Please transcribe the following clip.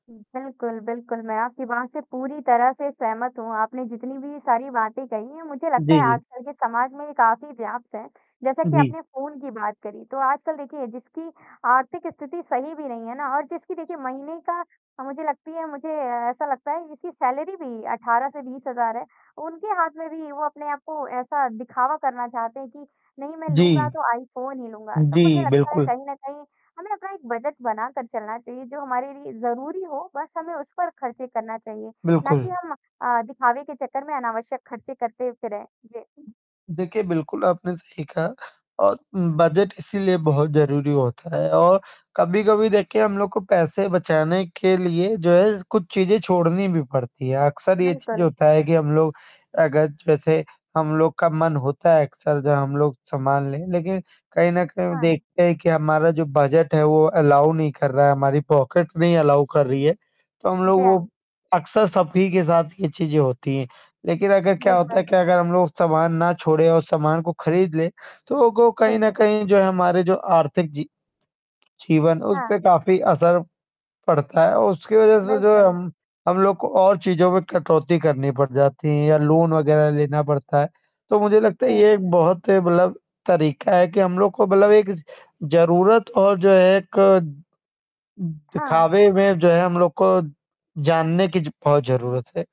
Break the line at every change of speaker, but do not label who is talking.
उ, बिल्कुल, बिल्कुल, मैं आपकी बात से पूरी तरह से सहमत हूँ, आपने जितनी भी सारी बातें कही हैं, मुझे लगता
जी,
है
जी।
आजकल के समाज में ये काफ़ी व्याप्त है जैसा कि
जी।
आपने फ़ोन की बात करी, तो आजकल देखिए जिसकी आर्थिक स्थिति सही भी नहीं है ना और जिसकी देखिए महीने का अ, मुझे लगती है मुझे ऐसा लगता है जिसकी सैलरी भी 18 से 20,000 है उनके हाथ में भी वो अपने आप को ऐसा दिखावा करना चाहते हैं कि नहीं मैं लूँगा
जी।
तो आईफ़ोन ही लूँगा तो मुझे
जी,
लगता है
बिल्कुल।
कहीं न कहीं हमें अपना एक बजट बनाकर चलना चाहिए जो हमारे लिए ज़रूरी हो बस हमें उस पर ख़र्चे करना चाहिए ना
बिल्कुल।
कि हम अ, दिखावे के चक्कर में अनावश्यक ख़र्चे करते फिरें। जी।
देखिए, बिल्कुल, आपने सही कहा और बजट इसीलिए बहुत ज़रूरी होता है और कभी-कभी देखिए हम लोग को पैसे बचाने के लिए जो है कुछ चीज़ें छोड़नी भी पड़ती हैं। अक्सर ये चीज़ जो
बिल्कुल।
होता है कि हम लोग अगर जैसे हम लोग का मन होता है अक्सर जब हम लोग सामान लें लेकिन कहीं न कहीं
हाँ।
देखते हैं कि हमारा जो बजट है वो अलाउ नहीं कर रहा हमारी पॉकेट नहीं अलाउ कर रही है, तो हम लोग
जी,
वो
हाँ।
अक्सर सभी के साथ ये चीज़ें होती हैं, लेकिन अगर क्या होता है
बिल्कुल।
कि अगर हम लोग सामान ना छोड़े और सामान को खरीद ले तो वो कहीं
जी।
न कहीं जो है हमारे जो आर्थिक जी जीवन उस पे
हाँ।
काफ़ी असर पड़ता है उसकी वज़ह से जो है
बिल्कुल।
हम हम लोग को और चीज़ों में कटौती करनी पड़ जाती है या लोन वग़ैरह लेना पड़ता है। तो मुझे
जी
लगता है
हाँ।
ये एक बहुत मतलब तरीक़ा है कि हम लोग को मतलब एक ज़रूरत और जो है एक
हाँ।
दिखावे में जो है हम लोग को जानने की जो बहुत ज़रूरत है।